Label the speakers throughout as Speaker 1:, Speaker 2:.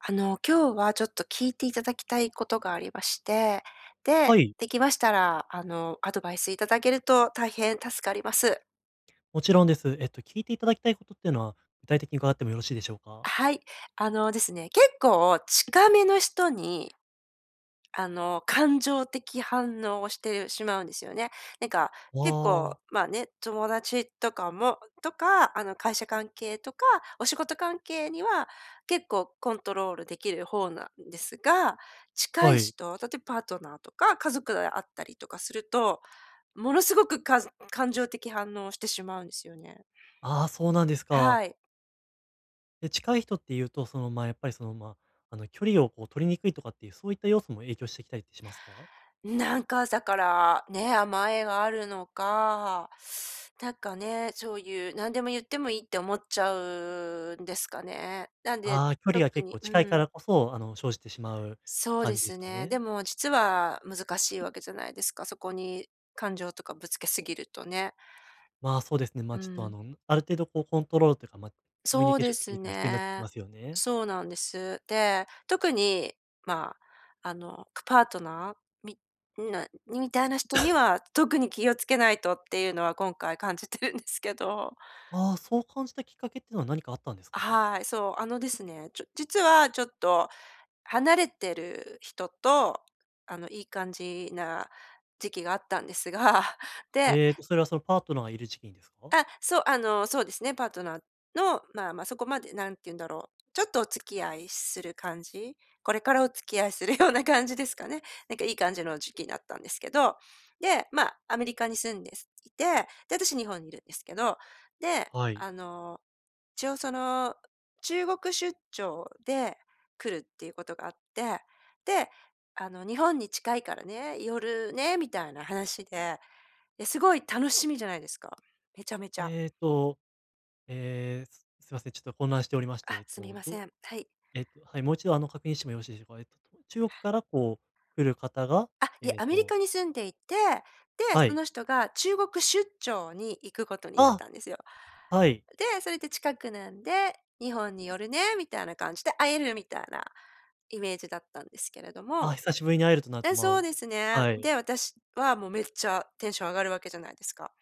Speaker 1: あの、今日はちょっと聞いていただきたいことがありまして。で、
Speaker 2: はい。
Speaker 1: できましたら、あの、アドバイスいただけると大変助かります。
Speaker 2: もちろんです。えっと、聞いていただきたいことっていうのは、具体的に伺ってもよろしいでしょうか？
Speaker 1: はい、あのですね、結構近めの人に、あの、感情的反応をしてしまうんですよね。なんか、結構、
Speaker 2: ああ。
Speaker 1: まあね、友達とかもとか、あの、会社関係とか、お仕事関係には、結構コントロールできる方なんですが、近
Speaker 2: は
Speaker 1: い
Speaker 2: い。
Speaker 1: 人、例えパートナーとか家族で会ったりとかすると、ものすごく、かずん感情的反応をしてしまうんですよね。
Speaker 2: ああ、そうなんですか。
Speaker 1: はい。
Speaker 2: で、近い人って言うと、その、まあ、やっぱり、その、ま、あの、距離をこう取りにくいとかっていうそういった要素も影響してきたりってしますか？
Speaker 1: なんか朝から、ね、甘えがあるのか、なんかね、そういう何でも言ってもいいって思っちゃうんですかね。なんで、
Speaker 2: ああ、距離が
Speaker 1: 特
Speaker 2: 結
Speaker 1: に
Speaker 2: 構
Speaker 1: う
Speaker 2: 近いか
Speaker 1: ーん。
Speaker 2: らこそ、あの、生じてしまう
Speaker 1: そうで
Speaker 2: 感じで
Speaker 1: す
Speaker 2: すか
Speaker 1: ね、で
Speaker 2: ね？
Speaker 1: も実は難しいわけじゃないですか、そこに感情とかぶつけすぎるとね。
Speaker 2: まあ、そうですね。ま、
Speaker 1: う
Speaker 2: ちょっと、あ
Speaker 1: ん。
Speaker 2: の、むある程度こうコントロールというか、ま、コミュ
Speaker 1: そ
Speaker 2: ニ
Speaker 1: う
Speaker 2: ケー
Speaker 1: で
Speaker 2: ションテク
Speaker 1: す
Speaker 2: ニックが必要になってき
Speaker 1: ね、
Speaker 2: ますよね。
Speaker 1: そうなんです。で、特に、まあ、あの、くパートナー？みんなにみたいな人に は、特に気を付けないとっていうのは、今回感じてるんですけど。
Speaker 2: ああ、そう感じたきっかけっていうのは何かあったんですか？
Speaker 1: はい、そう、あのですね、ちょ実はちょっと離れてる人と、あの、いい感じな時期があったんですが、で。
Speaker 2: えっと、それはそのパートナーがいる時期にですか？
Speaker 1: あ、そう、あの、そうですね、パートナーの、まあまあそこまで何て言うんだろう、ちょっとお付き合いする感じ？これからお付き合いするような感じですかね。なんかいい感じの時期なったんですけど。で、ま、アメリカに住んですいて、で、私日本にいるんですけど。で、
Speaker 2: はい。
Speaker 1: あの、一応その、中国出張で来るっていうことがあって、で、あの日本に近いからね、寄るね、みたいな話で、で、すごい楽しみじゃないですか、めちゃめちゃ。
Speaker 2: えっと、ええ、すいません、ちょっと混乱しておりまして、え
Speaker 1: あ。
Speaker 2: っ
Speaker 1: すみ
Speaker 2: と、
Speaker 1: ませ
Speaker 2: ど
Speaker 1: ん、はい。
Speaker 2: えっと、はい、もう一度、あの、確認してもよろしいでしょうか？えっとと、中国からこう来る方が、
Speaker 1: あ、いえ、
Speaker 2: えっ
Speaker 1: アメリ
Speaker 2: と
Speaker 1: カに住んでいて、で、
Speaker 2: は
Speaker 1: そ
Speaker 2: い。
Speaker 1: の人が中国出張に行くことになっ
Speaker 2: あっ！
Speaker 1: たんですよ。
Speaker 2: はい。
Speaker 1: で、それで近くなんで、日本に寄るね、みたいな感じで、会えるみたいなイメージだったんですけれど
Speaker 2: あ、
Speaker 1: も
Speaker 2: 久しぶりに会えるとなると、
Speaker 1: え、そ
Speaker 2: ま
Speaker 1: うですね。
Speaker 2: はい。
Speaker 1: で、私はもうめっちゃテンション上がるわけじゃないですか。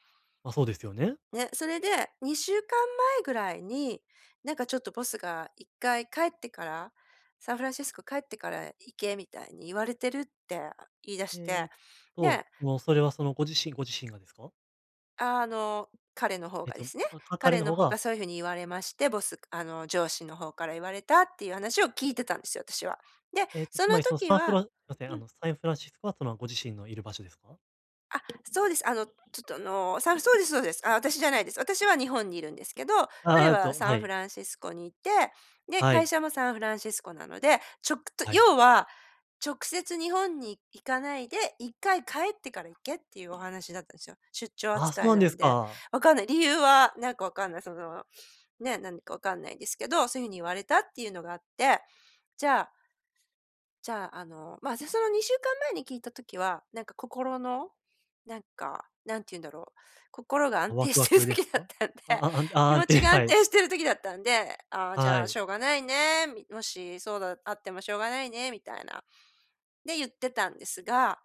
Speaker 2: ま、そうですよね。
Speaker 1: ね、それで2週間前ぐらいに、なんかちょっとボスが一回帰ってから、サンフランシスコ帰ってから行け、みたいに言われてるって言い出し
Speaker 2: え
Speaker 1: て、
Speaker 2: っと、
Speaker 1: で。
Speaker 2: も、それはそのご自身ご自身がですか？
Speaker 1: ああ、あの彼の方
Speaker 2: えっ
Speaker 1: がで
Speaker 2: と、
Speaker 1: すね、
Speaker 2: か彼
Speaker 1: 彼
Speaker 2: の
Speaker 1: の
Speaker 2: 方
Speaker 1: 方
Speaker 2: が。
Speaker 1: がそういう風に言われまして、ボスあの上司の方から言われたっていう話を聞いてたんですよ、私は。で、
Speaker 2: えっと
Speaker 1: そ
Speaker 2: つ
Speaker 1: の
Speaker 2: まりその
Speaker 1: 時
Speaker 2: サンフ
Speaker 1: は
Speaker 2: ラすみません、
Speaker 1: う
Speaker 2: あ
Speaker 1: ん。
Speaker 2: のサンフランシスコはっていうのはご自身のいる場所ですか？
Speaker 1: あ、そうです。あのちょっとあの、さそうですそうです。ああ、私じゃないです。私は日本にいるんですけど、彼
Speaker 2: ああ
Speaker 1: は
Speaker 2: と、
Speaker 1: サ
Speaker 2: は
Speaker 1: ンフ
Speaker 2: い。
Speaker 1: ランシスコにいて、で、
Speaker 2: は
Speaker 1: 会
Speaker 2: い。
Speaker 1: 社もサンフランシスコなので、ちょくと
Speaker 2: はい。
Speaker 1: 要は、直接日本に行かないで、1回帰ってから行けっていうお話だったんですよ。出張
Speaker 2: ああ、そ
Speaker 1: 扱
Speaker 2: う
Speaker 1: い
Speaker 2: なん
Speaker 1: な
Speaker 2: で
Speaker 1: ん
Speaker 2: す
Speaker 1: で。
Speaker 2: か。
Speaker 1: 分かんない、理由はなんか分かんない、その、ね、なんか分かんないんですけど、そういう風に言われたっていうのがあって、じゃあ、じゃあ、あの、まあ、私その2週間前に聞いた時は、なんか心の、なんか、何て言うんだろう、心が
Speaker 2: あ
Speaker 1: 安
Speaker 2: ワ
Speaker 1: 定
Speaker 2: クワ
Speaker 1: してる
Speaker 2: クです
Speaker 1: 時だっ
Speaker 2: か？
Speaker 1: たんで、
Speaker 2: ああ、あ
Speaker 1: 気
Speaker 2: 安
Speaker 1: 持
Speaker 2: 定、
Speaker 1: ちが安
Speaker 2: はい。
Speaker 1: 定してる時だったんで、ああ、じ
Speaker 2: は
Speaker 1: ゃあし
Speaker 2: い。
Speaker 1: ょうがないね、みもし、そうだ、あってもしょうがないね、みたいな。で言ってたんですが、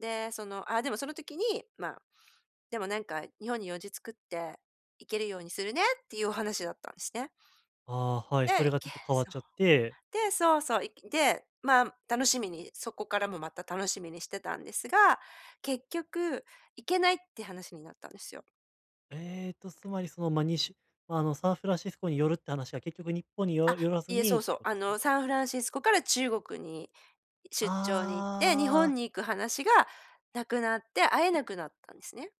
Speaker 1: で、その、あ、でもその時に、まあ、でもなんか日本に用事作って行けるようにするねっていうお話だったんですね。
Speaker 2: ああ、はい、それ
Speaker 1: で、
Speaker 2: がち
Speaker 1: け、
Speaker 2: ょっと変わっ
Speaker 1: そう。
Speaker 2: ちゃって。
Speaker 1: で、そうそう、で、まあ楽しみに、そこからもまた楽しみにしてたんですが、結局行けないって話になったんですよ。
Speaker 2: えっとつまりその、ま、にしゅま、あのサンフランシスコに寄るって話は結局日本に
Speaker 1: あ、
Speaker 2: よ寄らず
Speaker 1: いえ、そ
Speaker 2: に
Speaker 1: う
Speaker 2: っ
Speaker 1: そ
Speaker 2: て
Speaker 1: う、
Speaker 2: こと
Speaker 1: あ
Speaker 2: ですか？
Speaker 1: の、サンフランシスコから中国に、出張に行って、日
Speaker 2: あ
Speaker 1: 本
Speaker 2: あ。
Speaker 1: に行く話がなくなって会えなくなったんですね。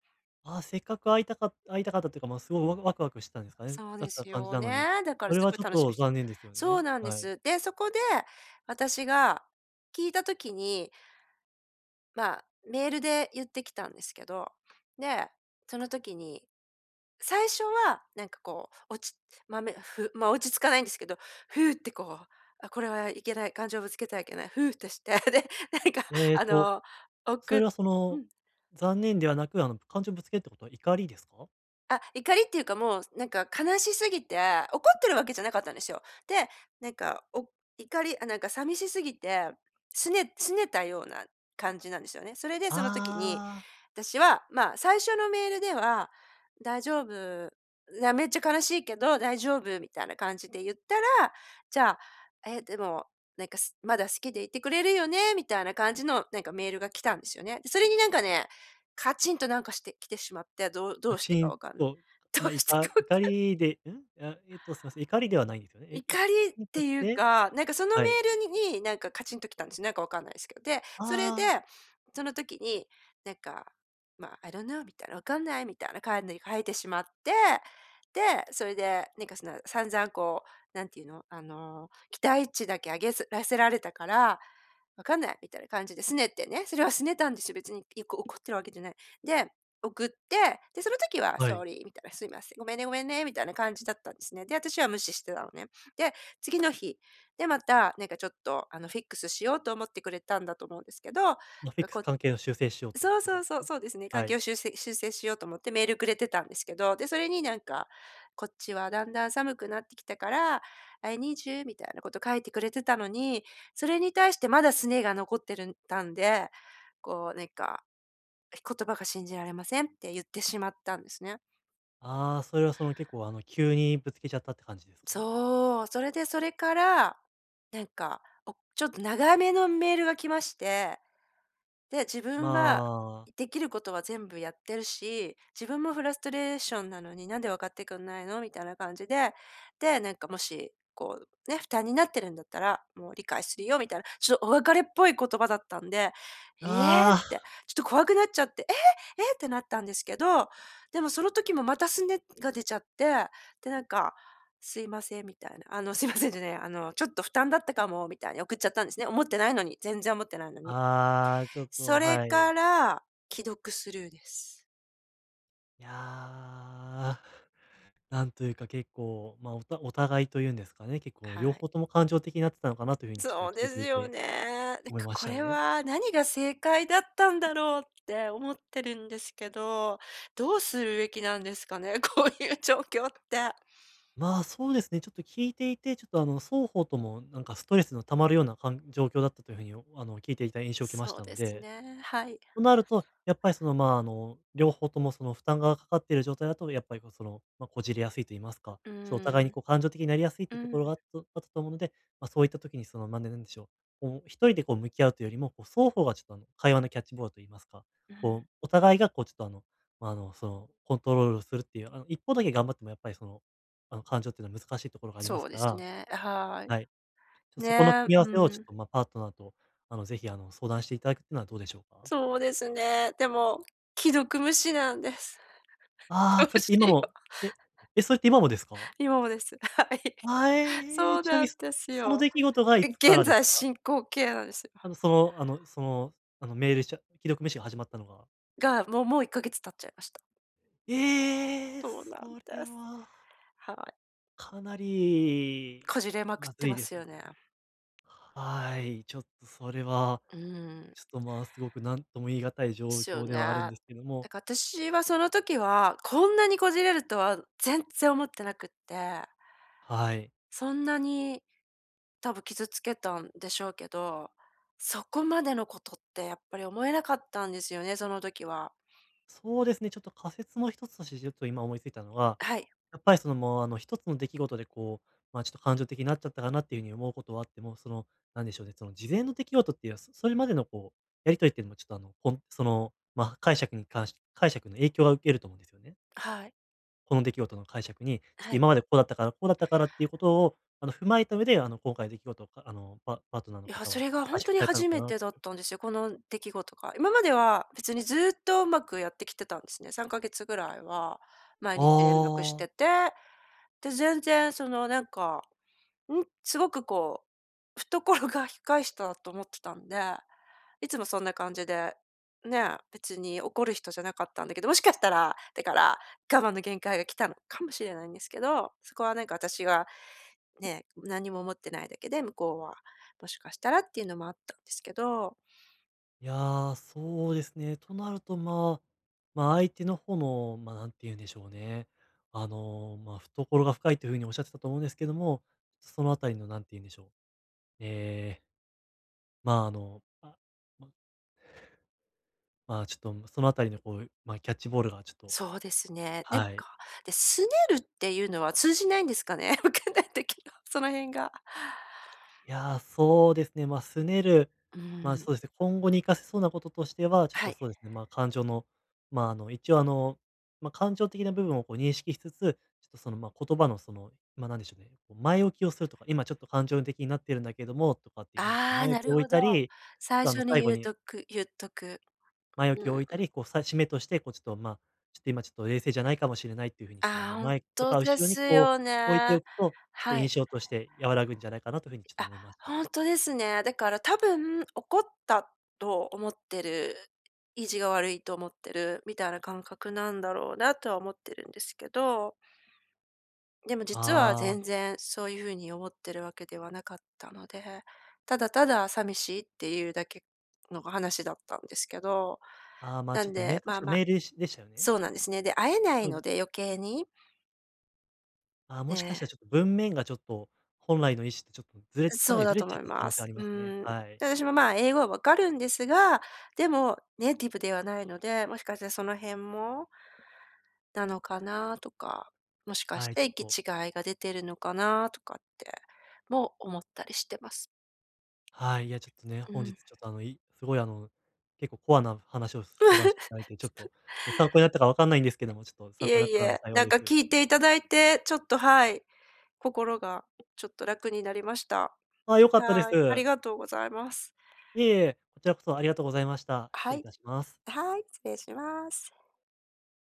Speaker 2: あ、せっかく会いたかっ会いたかったというか、まあ、すごいワワクワクしてたんですかね。
Speaker 1: そう
Speaker 2: だっ
Speaker 1: で
Speaker 2: た
Speaker 1: す
Speaker 2: 感じ
Speaker 1: よ
Speaker 2: なのに、
Speaker 1: ね、だから
Speaker 2: そ
Speaker 1: す
Speaker 2: れは
Speaker 1: ごい
Speaker 2: ちょっ
Speaker 1: 楽し
Speaker 2: と
Speaker 1: みし
Speaker 2: 残念ですよ
Speaker 1: そう
Speaker 2: ね。
Speaker 1: なんで
Speaker 2: はい。
Speaker 1: す。で、そこで、私が聞いた時にまあ、メールで言ってきたんですけど。で、その時に、最初はなんかこう、落ちま、めふま、落ち着かないんですけど、ふうってこう、あ、これはいけない、感情をぶつけてはいけない、ふうってして、で、なんか、
Speaker 2: えっ
Speaker 1: あ
Speaker 2: と、
Speaker 1: の、お
Speaker 2: それ
Speaker 1: く
Speaker 2: はそ
Speaker 1: う
Speaker 2: の
Speaker 1: ん。
Speaker 2: 残念ではなく、あの感情ぶつけるってことは怒りですか？
Speaker 1: あ、怒りっていうかもう、なんか悲しすぎて、怒ってるわけじゃなかったんですよ。で、なんか、お怒り、あ、なんか寂しすぎて、すね拗ねたような感じなんですよね。それでその時に、
Speaker 2: あ。
Speaker 1: 私は、まあ、最初のメールでは「大丈夫、う、や、めっちゃ悲しいけど大丈夫」みたいな感じで言ったら、じゃあ、「え、でも、なんか、すまだ好きでいてくれるよね」みたいな感じのなんかメールが来たんですよね。で、それになんかね、カチンとなんかしてきてしまって、どうど
Speaker 2: カ
Speaker 1: うして
Speaker 2: チ
Speaker 1: か
Speaker 2: ン
Speaker 1: わかんない。
Speaker 2: と、
Speaker 1: どう
Speaker 2: ま、い
Speaker 1: して
Speaker 2: た
Speaker 1: かわかん
Speaker 2: 怒
Speaker 1: ない。
Speaker 2: りで、うん？あ、えっとすいません。怒りではないんですよね。え、い
Speaker 1: 怒りっ
Speaker 2: [unintelligible]
Speaker 1: て
Speaker 2: とき
Speaker 1: いう
Speaker 2: て
Speaker 1: か、なんかその
Speaker 2: は
Speaker 1: メ
Speaker 2: い。
Speaker 1: ールになんかカチンときたんです。なんか分かんないっすけど。で、それで、
Speaker 2: ああ。
Speaker 1: その時に、なんか、まあ、I don't know みたいな、分かんないみたいな感で書いてしまって、で、それでなんかその散々こう、何て言うの、あの、期待値だけ上げずらせられたから、分かんない、みたいな感じで拗ねてね、それは拗ねたんですよ、別に、いこう、怒ってるわけじゃない。で、送って、で、その時は
Speaker 2: はい。
Speaker 1: Sorry みたいな、すいません、ごめんねごめんねみたいな感じだったんですね。で、私は無視してたのね。で、次の日、で、また、なんかちょっとあの、フィックスしようと思ってくれたんだと思うんですけど、う、
Speaker 2: あ、フィックス、
Speaker 1: こう
Speaker 2: 関係の修正しようとっ
Speaker 1: そう
Speaker 2: てこ
Speaker 1: そ
Speaker 2: と
Speaker 1: う
Speaker 2: です
Speaker 1: そう、
Speaker 2: か？
Speaker 1: そうですね。
Speaker 2: は
Speaker 1: 関係
Speaker 2: い。
Speaker 1: を修正修正しようと思ってメールくれてたんですけど、で、それになんか、こっちはだんだん寒くなってきたから、I need you みたいなこと書いてくれてたのに、それに対してまだ拗ねが残ってるんたんで、こうなんか、「え、言葉が信じられません」って言ってしまったんですね。
Speaker 2: ああ、それはその結構あの急にぶつけちゃったって感じですか？
Speaker 1: そう。それでそれから、なんか、おちょっと長めのメールが来まして。で、自
Speaker 2: ま
Speaker 1: 分は、
Speaker 2: あ。
Speaker 1: いできることは全部やってるし、自分もフラストレーションなのに何で分かってくんないのみたいな感じで、で、なんかもし、こう、ね、負担になってるんだったら、もう理解するよみたいな、ちょっとお別れっぽい言葉だったんで、ええっ
Speaker 2: あ
Speaker 1: て、
Speaker 2: あ。
Speaker 1: ちょっと怖くなっちゃって、え、えってなったんですけど、でもその時もまた拗ねが出ちゃって、でなんか、すいませんみたいな、あの、すいませんじゃないわ、あの、ちょっと負担だったかも、みたいに送っちゃったんですね。思ってないのに、全然思ってないのに。
Speaker 2: ああ、ちょっ
Speaker 1: そ
Speaker 2: と
Speaker 1: れ
Speaker 2: はい。
Speaker 1: から、既読スルーです。
Speaker 2: いや。なんというか結構、ま、おたお互いと言うんですかね。結構
Speaker 1: は
Speaker 2: 両
Speaker 1: い。
Speaker 2: 方とも感情的になってたのかなという風にちょっと
Speaker 1: そうで
Speaker 2: 聞い
Speaker 1: す
Speaker 2: てい
Speaker 1: よ
Speaker 2: て、
Speaker 1: ね。なん
Speaker 2: 思い
Speaker 1: か
Speaker 2: まし
Speaker 1: こ
Speaker 2: た
Speaker 1: れ
Speaker 2: ね。
Speaker 1: は、何が正解だったんだろうって思ってるんですけど、どうするべきなんですかね、こういう状況って。
Speaker 2: まあそうですね、ちょっと聞いていて、ちょっとあの双方ともなんかストレスの溜まるようなかん状況だったという風に、お、あの聞いていた印象を受けまし
Speaker 1: そう
Speaker 2: たの
Speaker 1: です
Speaker 2: で。
Speaker 1: ね、はい。
Speaker 2: となると、やっぱりそのまあの、両方ともその負担がかかっている状態だとやっぱり、まあ、その、ま、こじれやすいと言いますか、
Speaker 1: う
Speaker 2: ちょ、お互いに
Speaker 1: ん。
Speaker 2: こう感情的になりやすいっ
Speaker 1: う
Speaker 2: ていうところ
Speaker 1: ん。
Speaker 2: があっとあったと思うので、ま、そういった時にその、まあ、ね、で、なんでしょう、こう、一人でこう向き合うというよりも、双方がちょっとあの、会話のキャッチボールと言いますか、
Speaker 1: うん。
Speaker 2: こうお互いがこうちょっとあの、まあ、あの、その、コントロールをするっていう、あの一方だけ頑張ってもやっぱりその、あの感情っていうのは難しいところがありま
Speaker 1: そ
Speaker 2: す
Speaker 1: う
Speaker 2: か
Speaker 1: です
Speaker 2: ら。
Speaker 1: ね、あ、はい。
Speaker 2: はい。そこの組
Speaker 1: ね、
Speaker 2: み合わ
Speaker 1: う
Speaker 2: せをちょっ
Speaker 1: ん。
Speaker 2: とまあパートナーと、あの是非あの、相談していただくっていうのはどうでしょうか？
Speaker 1: そうですね、でも、既読無視なんです。
Speaker 2: あ
Speaker 1: ど
Speaker 2: あ、
Speaker 1: う
Speaker 2: それって
Speaker 1: し
Speaker 2: 今
Speaker 1: よ
Speaker 2: も、
Speaker 1: う。
Speaker 2: え？え、それって今もですか？
Speaker 1: 今もです。はい。
Speaker 2: は
Speaker 1: そ
Speaker 2: い、
Speaker 1: う
Speaker 2: ちなみ
Speaker 1: な
Speaker 2: に、
Speaker 1: んです
Speaker 2: その
Speaker 1: よ。
Speaker 2: 出来事が
Speaker 1: え、
Speaker 2: いつか
Speaker 1: 現
Speaker 2: らです
Speaker 1: 在
Speaker 2: か？
Speaker 1: 進行形なんですよ。
Speaker 2: あの、その、あの、その、あのメールしゃ既読無視が始まったのが
Speaker 1: が、もうもう1か月経っちゃいました。
Speaker 2: ええ、
Speaker 1: そうなん
Speaker 2: それ
Speaker 1: です。
Speaker 2: は
Speaker 1: はい。
Speaker 2: かなり、
Speaker 1: こじれまくっ
Speaker 2: ま
Speaker 1: て
Speaker 2: ずい
Speaker 1: ま
Speaker 2: で
Speaker 1: す
Speaker 2: す
Speaker 1: よ
Speaker 2: ね。
Speaker 1: ね。
Speaker 2: はい、ちょっとそれは、
Speaker 1: うん。
Speaker 2: ちょっと、まあすごく何とも言い難い
Speaker 1: で
Speaker 2: 状
Speaker 1: すよ
Speaker 2: 況
Speaker 1: ね。
Speaker 2: ではあるん
Speaker 1: だ
Speaker 2: ですけども。
Speaker 1: から私はその時は、こんなにこじれるとは、全然思ってなくって。
Speaker 2: はい。
Speaker 1: そんなに、多分傷つけたんでしょうけど、そこまでのことってやっぱり思えなかったんですよね、その時は。
Speaker 2: そうですね。ちょっと仮説の一つとしてちょっと今思いついたのは、
Speaker 1: はい。
Speaker 2: やっぱりそのもうあの一つの出来事でこう、ま、ちょっと感情的になっちゃったかなっていう風に思うことはあっても、その、なんでしょうね、その事前の出来事っていうのはそそれまでのこう、やり取りっていうのもちょっとあの、ほんその、ま、解釈に関し解釈の影響を受けると思うんですよね。
Speaker 1: はい。
Speaker 2: この出来事の解釈に、ちょっ
Speaker 1: は
Speaker 2: と
Speaker 1: い。
Speaker 2: 今までこうだったからこうだったからっていうことを、あの、踏まえた上で、あの、今回の出来事を、あの、パパートナーの
Speaker 1: いや、
Speaker 2: 方
Speaker 1: そ
Speaker 2: は
Speaker 1: れがほ
Speaker 2: 解
Speaker 1: んと
Speaker 2: 釈
Speaker 1: に
Speaker 2: されたの
Speaker 1: 初
Speaker 2: か
Speaker 1: め
Speaker 2: なっ
Speaker 1: てだ
Speaker 2: て
Speaker 1: っ
Speaker 2: いう。
Speaker 1: たんですよ、この出来事が。今までは別にずっとうまくやってきてたんですね。3か月ぐらいは毎日連絡し
Speaker 2: あ
Speaker 1: て
Speaker 2: あ。
Speaker 1: て、で、全然そのなんか、ん、すごくこう、懐が深い人だと思ってたんで、いつもそんな感じで、ね、別に怒る人じゃなかったんだけど、もしかしたら、だから、我慢の限界が来たのかもしれないんですけど、そこはなんか私が、ね、何も思ってないだけで、向こうは、もしかしたらっていうのもあったんですけど。
Speaker 2: いや、そうですね。となると、まあ、ま、相手の方の、ま、なんて言うんでしょうね。あの、ま、懐が深いという風におっしゃってたと思うんですけども、そのあたりの何て言うんでしょう、ええまあ、あの、あ、ままあ、ちょっと、ん、そのあたりのこう、ま、キャッチボールがちょっと
Speaker 1: そうですね。なん
Speaker 2: は
Speaker 1: か、
Speaker 2: い。
Speaker 1: で、すねるっていうのは通じないんですかね？わかんない時の、その辺が
Speaker 2: いや、そうですね。ま、すねる、
Speaker 1: う
Speaker 2: ま、
Speaker 1: ん。
Speaker 2: そうですね、今後に活かせそうなこととしては、ちょっ
Speaker 1: は
Speaker 2: と
Speaker 1: い。
Speaker 2: そうですね、まあ、感情の、まあ、あの、一応あの、ま、感情的な部分をこう認識しつつ、ちょっとその、ま、言葉のその、ま、なんでしょうね、こう前置きをするとか、今ちょっと感情的になっているんだけども、とかっていう風にちょっ
Speaker 1: あ
Speaker 2: と
Speaker 1: あ、
Speaker 2: 前
Speaker 1: な
Speaker 2: 置き
Speaker 1: る
Speaker 2: を置
Speaker 1: ほ
Speaker 2: い
Speaker 1: ど、
Speaker 2: たり、
Speaker 1: 最
Speaker 2: あの、
Speaker 1: 初に
Speaker 2: 最後
Speaker 1: 言う
Speaker 2: に
Speaker 1: とく言っとく、
Speaker 2: 前置
Speaker 1: う
Speaker 2: きを置
Speaker 1: ん。
Speaker 2: いたり、こうさ締めとしてこうちょっと、ま、ちょっと、今ちょっと冷静じゃないかもしれないという風にこう、
Speaker 1: あ
Speaker 2: ま、
Speaker 1: あ、ほん
Speaker 2: 前と
Speaker 1: と
Speaker 2: か
Speaker 1: で
Speaker 2: 後ろに
Speaker 1: す
Speaker 2: こう
Speaker 1: よ
Speaker 2: 置いて
Speaker 1: ね、
Speaker 2: おくと、ちょっと
Speaker 1: は
Speaker 2: 印
Speaker 1: い。
Speaker 2: 象として和らぐんじゃないかなという風にちょっと
Speaker 1: あ、
Speaker 2: 思いました。
Speaker 1: ほんとですね。だから多分怒ったと思ってる、意地が悪いと思ってるみたいな感覚なんだろうなとは思ってるんですけど。でも、実は
Speaker 2: ああ。
Speaker 1: 全然そういう風に思ってるわけではなかったので、ただたださみしいっていうだけの話だったんですけど、
Speaker 2: ああ、ま、
Speaker 1: な
Speaker 2: ちょ
Speaker 1: ん
Speaker 2: っとメ
Speaker 1: で、ま
Speaker 2: 確
Speaker 1: あ
Speaker 2: か
Speaker 1: まあ
Speaker 2: メールしでしたよね？
Speaker 1: そうなんですね。で、会えな
Speaker 2: う
Speaker 1: いの
Speaker 2: ん。
Speaker 1: で、余計に。
Speaker 2: ああ、
Speaker 1: え
Speaker 2: もしかし
Speaker 1: え。
Speaker 2: たらちょっと、文面がちょっと、本来の意思ちょっとずれ
Speaker 1: う、
Speaker 2: てか
Speaker 1: そ
Speaker 2: な
Speaker 1: う
Speaker 2: りず
Speaker 1: だ
Speaker 2: れ
Speaker 1: と
Speaker 2: ち
Speaker 1: 思
Speaker 2: ゃっ
Speaker 1: い
Speaker 2: た可
Speaker 1: ま
Speaker 2: 能性あ
Speaker 1: す。
Speaker 2: り
Speaker 1: う
Speaker 2: ますね。
Speaker 1: ーん、
Speaker 2: はい。
Speaker 1: で、私も、まあ、英語は分かるんですが、でもネイティブではないので、もしかしたらその辺もなのかなとか、もしかし
Speaker 2: はい、ち
Speaker 1: て
Speaker 2: ょっ
Speaker 1: 行
Speaker 2: と
Speaker 1: き違いが出てるのかな？とかって、も思ったりしてます。
Speaker 2: はい、いや、ちょっとね、
Speaker 1: う
Speaker 2: 本日
Speaker 1: ん。
Speaker 2: ちょっと、あの、いすごい、あの、結構コアな話を相談していただいて、ちょっと、ね、参考になったかわかんないんですけども、ちょっと
Speaker 1: い
Speaker 2: 参考に
Speaker 1: え
Speaker 2: なっ
Speaker 1: い
Speaker 2: たなら
Speaker 1: え、
Speaker 2: 幸い
Speaker 1: なん
Speaker 2: で
Speaker 1: か
Speaker 2: す。
Speaker 1: 聞いていただいて、ちょっと、はい、心がちょっと楽になりました。
Speaker 2: あ、良かったで
Speaker 1: はい、あり
Speaker 2: す。
Speaker 1: がとうございます。
Speaker 2: いえいえ、こちらこそありがとうございました。失
Speaker 1: は
Speaker 2: 礼い
Speaker 1: い。
Speaker 2: たします。
Speaker 1: はい、失礼します。